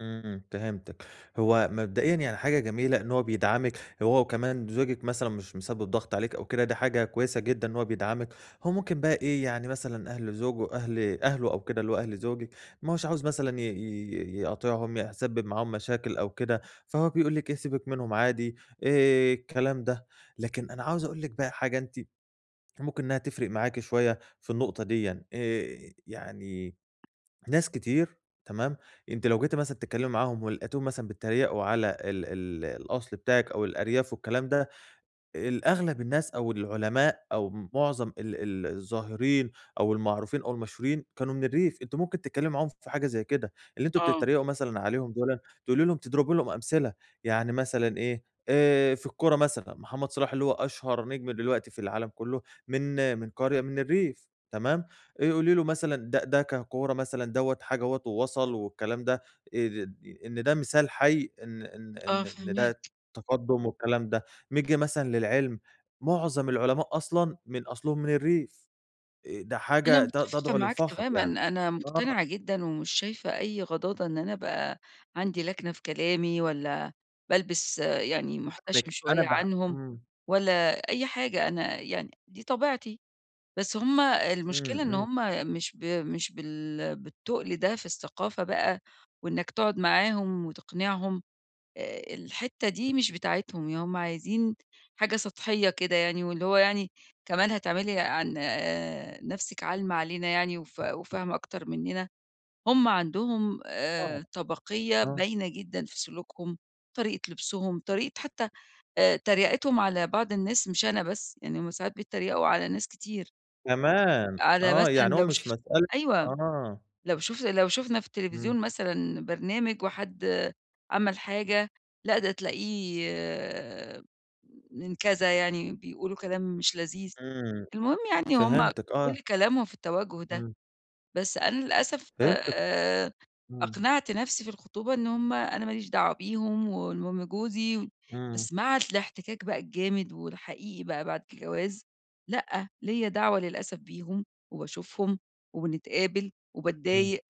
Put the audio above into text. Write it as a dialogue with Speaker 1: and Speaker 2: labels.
Speaker 1: إمم، فهمتِك، هُو مبدئيًا يعني حاجة جميلة إن هُو بيدعمك، هو وكمان زوجك مثلًا مش مسبب ضغط عليكِ أو كده، دي حاجة كويسة جدًا إن هُو بيدعمك. هُو ممكن بقي يعني مثلًا أهل زوجه أهل أهله أو كده اللي هُو أهل زوجِك، ما هوش عاوز مثلًا ي ي يقاطِعهم، يح يسبب معاهم مشاكل أو كده، فهُو بيقول لِك إيه، "سيبك منهم عادي." آآ، الكلام ده. لكن أنا عاوز أقول لِك بقى حاجة أنتِ ممكن إنّها تفرق معاكِ شوية في النقطة ديًا، آآ، يعني ناس كتير تمام؟ أنتِ لو جيتِ مثلًا تتكلمي معاهم ولقيتيهُم مثلًا بتتريقوا على ال ال الأصل بتاعِك أو الأرياف والكلام ده، الأغلب الناس أو العلماء أو معظم ال ال الظاهرين أو المعروفين أو المشهورين كانوا من الريف، أنتِ ممكن تتكلمي معاهم في حاجة زي كده، اللي أنتم
Speaker 2: آه.
Speaker 1: بتتريقوا مثلًا عليهم دُولا، تقولي لهم تضربي لهم أمثلة، يعني مثلًا إيه آآ، في الكورة مثلًا محمد صلاح اللي هُو أشهر نجم دلوقتي في العالم كله من من قرية من الريف، تمام، إ قولي له مثلًا د ده ككورة مثلًا دوّة حاجة أهوّة ووصل والكلام ده إ إن ده مثال حي إن إن
Speaker 2: آه،
Speaker 1: إن إن ده
Speaker 2: فاهماك.
Speaker 1: تقدم والكلام ده، نيجي مثلًا للعلم، معظم العلماء أصلًا من أصلهم من الريف، آآ، ده
Speaker 2: أنا
Speaker 1: حاجة ت
Speaker 2: مُتفقة
Speaker 1: تدعو
Speaker 2: معاك
Speaker 1: للفخر
Speaker 2: تمامًا،
Speaker 1: يعني،
Speaker 2: أنا
Speaker 1: آه.
Speaker 2: مُقتنعة جدًا ومش شايفة أي غضاضة إن أنا أبقى عندي لكنة في كلامي والّا بالبس أ يعني
Speaker 1: أنا
Speaker 2: مُحتشم
Speaker 1: فاهمِك، أنا
Speaker 2: شوية
Speaker 1: بح
Speaker 2: عنهم،
Speaker 1: إمم.
Speaker 2: والّا أي حاجة، أنا يعني دي طبيعتي. بس هُم المشكلة
Speaker 1: إمم،
Speaker 2: إن
Speaker 1: إمم.
Speaker 2: هُم مش ب مش بال بالتُّقل ده في الثقافة بقى وإنَّك تقعد معاهم وتقنعهم، آآ، الحتة دي مش
Speaker 1: اهم.
Speaker 2: بتاعتهم ي هُم عايزين حاجة سطحية كده، يعني واللي هو يعني "كمان هتعملي عن نَفسك عالمة علينا يعني وف وفاهمة أكتر مننا؟!" هُم عندهم
Speaker 1: آه،
Speaker 2: آآ، طبقية
Speaker 1: آه.
Speaker 2: باينة جدًا في سلوكهم، طريقة لبسُهم طريقة حتى آآ، تَريَقِتهُم على بعض الناس مش أنا بس يعني هُم ساعدات بيّتّريَقوا على ناس كتير.
Speaker 1: كمان!
Speaker 2: على
Speaker 1: آه،
Speaker 2: مثلًا
Speaker 1: يعني هو
Speaker 2: لو
Speaker 1: مش
Speaker 2: شُفت
Speaker 1: مسألة
Speaker 2: أيوه،
Speaker 1: آه.
Speaker 2: لو شُف لو شُفنا في
Speaker 1: إمم.
Speaker 2: التليفزيون مثلًا برنامج وحد عمل حاجة، لأ، ده تلاقيه من كذا، يعني بيقولوا كلام مش لذيذ،
Speaker 1: إمم،
Speaker 2: المهم يعني هُم
Speaker 1: فهمتِك، آه.
Speaker 2: كل كلامهم في التَوجُّه ده.
Speaker 1: إمم.
Speaker 2: بس أنا للأسف
Speaker 1: فهمتِك
Speaker 2: آآ،
Speaker 1: إمم.
Speaker 2: أقنعت نفسي في الخطوبة إن هُم أنا ماليش دعوة بيهم، والمهم جوزي،
Speaker 1: إمم.
Speaker 2: بس مع اس الاحتكاك بقى الجامد والحقيقي بقى بعد الجواز، لأ، ليَّ دعوة للأسف بيهم وباشوفهم وبنتقابل
Speaker 1: إمم.
Speaker 2: وباتضايق.